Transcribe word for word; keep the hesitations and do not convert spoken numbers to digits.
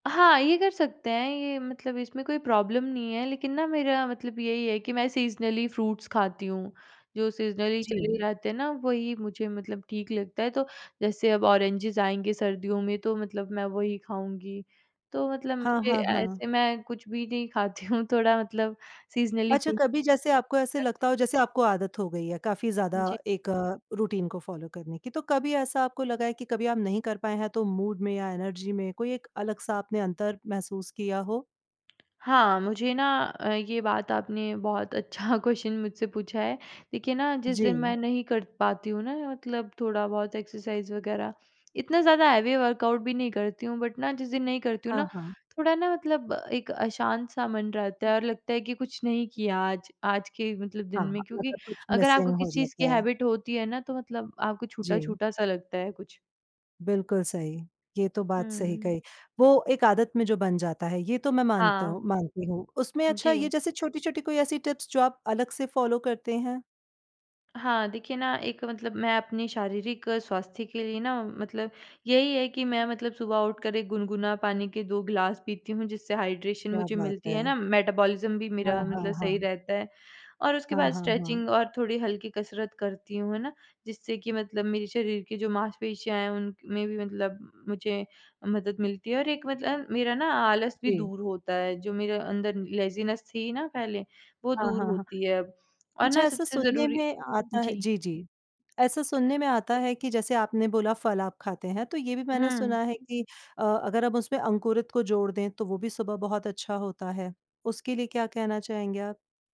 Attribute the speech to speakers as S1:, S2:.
S1: हाँ, ये कर सकते हैं, ये मतलब इसमें कोई प्रॉब्लम नहीं है लेकिन ना मेरा मतलब यही है कि मैं सीज़नली फ्रूट्स खाती हूँ। जो सीज़नली चले
S2: जी।
S1: रहतें हैं ना, वही मुझे मतलब ठीक लगता है तो जैसे अब ऑरेंजेस आएँगे सर्दियों में तो मतलब मैं वही खाऊँगी। तो मतलब
S2: हाँ,
S1: मुझे
S2: हाँ,
S1: अ,
S2: हाँ।
S1: ऐसे मैं कुछ भी नहीं खाती हूँ थोड़ा मतलब सीज़नली
S2: अच्छा,
S1: फ्रूट
S2: कभी जैसे आपको ऐसे
S1: करती
S2: लगता
S1: हूँ।
S2: हो जैसे आपको आदत हो गई है काफ़ी ज़्यादा
S1: जी।
S2: एक रूटीन को फॉलो करने की, तो कभी ऐसा आपको लगा है कि कभी आप नहीं कर पाए हैं, तो मूड में या एनर्जी में कोई एक अलग-सा आपने अंतर महसूस किया हो?
S1: हाँ, मुझे ना अ, ये बात आपने बहुत अच्छा क्वेश्चन मुझसे पूछा है। देखिए ना जिस दिन
S2: जी।
S1: मैं नहीं कर पाती हूँ ना मतलब थोड़ा-बहुत एक्सरसाइज़ वग़ैरह इतना ज़्यादा हैवी वर्कआउट भी नहीं करती हूँ बट ना जिस दिन नहीं करती हूँ
S2: हाँ,
S1: ना,
S2: हाँ।
S1: थोड़ा ना मतलब एक अशांत-सा मन रहता है और लगता है कि कुछ नहीं किया आज, आज के मतलब दिन
S2: हाँ,
S1: में क्योंकि
S2: मतलब कुछ
S1: अगर आपको
S2: मिसिंग हो
S1: किसी चीज़ की
S2: जाता है।
S1: हैबिट होती है ना, तो मतलब आपको
S2: जी।
S1: छूटा-छूटा सा लगता है कुछ।
S2: बिल्कुल सही, ये तो बात सही
S1: हुँ।
S2: कही। वो एक आदत में जो बन जाता है, ये तो मैं मानता हूँ
S1: हाँ।
S2: मानती हूँ। उसमें अच्छा ये
S1: जी।
S2: जैसे छोटी-छोटी कोई ऐसी टिप्स जो आप अलग से फॉलो करते हैं?
S1: हाँ, देखिए ना एक मतलब मैं अपनी शारीरिक स्वास्थ्य के लिए ना मतलब यही है कि मैं मतलब सुबह उठकर एक गुनगुना पानी के दो ग्लास पीती हूँ जिससे हाइड्रेशन
S2: क्या
S1: मुझे
S2: बात
S1: मिलती है
S2: है!
S1: ना, मेटाबॉलिज़्म भी
S2: हाँ,
S1: मेरा
S2: हाँ,
S1: मतलब सही
S2: हाँ।
S1: रहता है और उसके
S2: हाँ,
S1: बाद
S2: हाँ, हाँ।
S1: स्ट्रेचिंग और थोड़ी हल्की कसरत करती हूँ, है ना, जिससे कि मतलब मेरे शरीर की जो मांसपेशियाँ हैं उनक में भी मतलब मुझे मदद मिलती है और एक मतलब मेरा ना आलस भी
S2: जी।
S1: दूर होता है, जो मेरे अंदर लेज़ीनेस थी ना पहले, वो
S2: हाँ,
S1: दूर
S2: हाँ, हाँ।
S1: होती है और
S2: अच्छा,
S1: ना
S2: ऐसा
S1: सबसे
S2: सुनने
S1: ज़रूरी
S2: में आता है
S1: जी।
S2: जी, जी। ऐसा सुनने में आता है कि जैसे आपने बोला फल आप खाते हैं तो ये भी मैंने
S1: हुँ।
S2: सुना है कि अ, अगर हम उसमें अंकुरित को जोड़ दें तो वो भी सुबह बहुत अच्छा होता है। उसके लिए क्या कहना चाहेंगे आप?